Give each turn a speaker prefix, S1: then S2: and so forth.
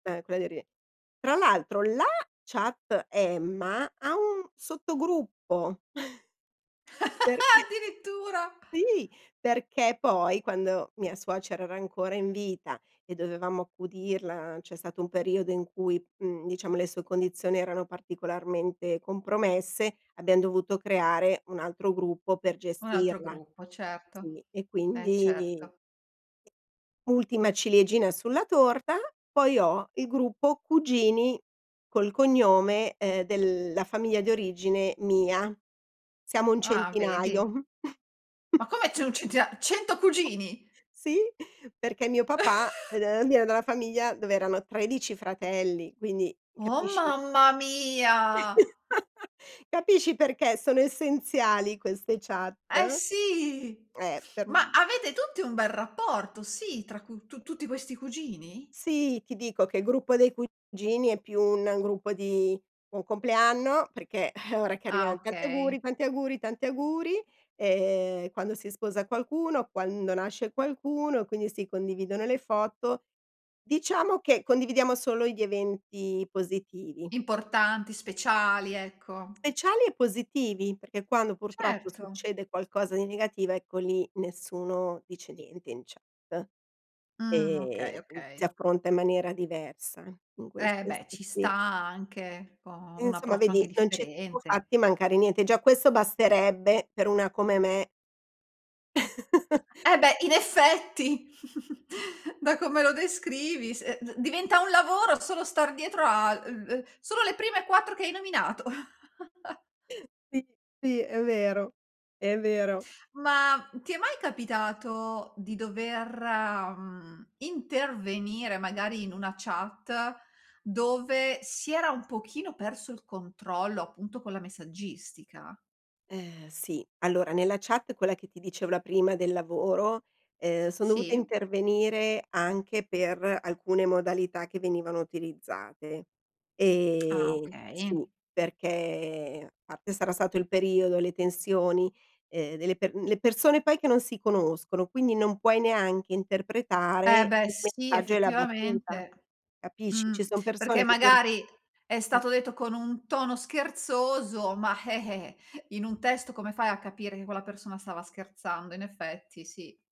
S1: Ehm, quella di eri tra l'altro la chat Emma ha un sottogruppo, perché
S2: Addirittura!
S1: sì, perché poi quando mia suocera era ancora in vita e dovevamo accudirla, c'è stato un periodo in cui, mhmm, diciamo le sue condizioni erano particolarmente compromesse, abbiam dovuto creare un altro gruppo per
S2: Un altro
S1: gestirla.
S2: gruppo, certo.
S1: Sì, e
S2: Eh,
S1: quindi
S2: certo.
S1: Ultima ciliegina sulla torta, poi ho il gruppo cugini col cognome, ehm, della famiglia di origine mia. Siamo un
S2: Ah vedi?
S1: centinaio.
S2: Ma come c'è un centina 100 cugini?
S1: Sì, perché mio papà, ved viene da una famiglia dove erano 13 fratelli, quindi
S2: Oh
S1: capisci?
S2: mamma mia!
S1: Capisci perché sono essenziali queste chat?
S2: Eh sì,
S1: Eh, per
S2: ma avete tutti un bel rapporto, sì, tra cu tu tutti questi cugini?
S1: Sì, ti dico che il gruppo dei cugini è più un gruppo di buon compleanno perché, eh ora che
S2: Ah
S1: arrivano: "Tanti
S2: okay.
S1: auguri, tanti auguri, tanti auguri!" Ehm, quando si sposa qualcuno, quando nasce qualcuno, quindi si condividono le foto. Diciamo che condividiamo solo gli eventi positivi.
S2: Importanti, speciali, ecco.
S1: Speciali e positivi, perché quando purtroppo
S2: Certo.
S1: succede qualcosa di negativo, ecco lì nessuno dice niente in chat
S2: Mh, okay,
S1: e, ehm, si
S2: okay.
S1: affronta in maniera diversa in queste
S2: Eh beh,
S1: [unintelligible]
S2: ci sta
S1: sì.
S2: anche ecco, un
S1: Insomma
S2: approccio anche
S1: vedi, non ci siamo
S2: differente.
S1: fatti mancare niente. Già questo basterebbe per una come me.
S2: Eh beh, in effetti! Da come lo descrivi se ehm, d diventa un lavoro solo star dietro a l uhm, v solo le prime 4 che hai nominato.
S1: Sì, sì, è vero. È vero.
S2: Ma ti è mai capitato di dover, mhmm, intervenire magari in una chat dove si era un pochino perso il controllo, appunto, con la messaggistica?
S1: Ehm sì, allora nella chat, quella che ti dicevo, la prima, del lavoro, ehm, son dovuta
S2: Sì.
S1: intervenire anche per alcune modalità che venivano utilizzate.
S2: Ah
S1: Ehm,
S2: okay.
S1: sì, perché parte sarà stato il periodo, le tensioni, ehm delle per le persone poi che non si conoscono, quindi non puoi neanche interpretare
S2: Eh beh
S1: il
S2: sì,
S1: messaggio e la battuta,
S2: effettivamente,
S1: capisci. Ci
S2: mhmm,
S1: sono persone
S2: perché
S1: che tu
S2: magari è
S1: Mh.
S2: stato detto con un tono scherzoso, ma, eh, eh, in un testo come fai a capire che quella persona stava scherzando? In effetti, sì.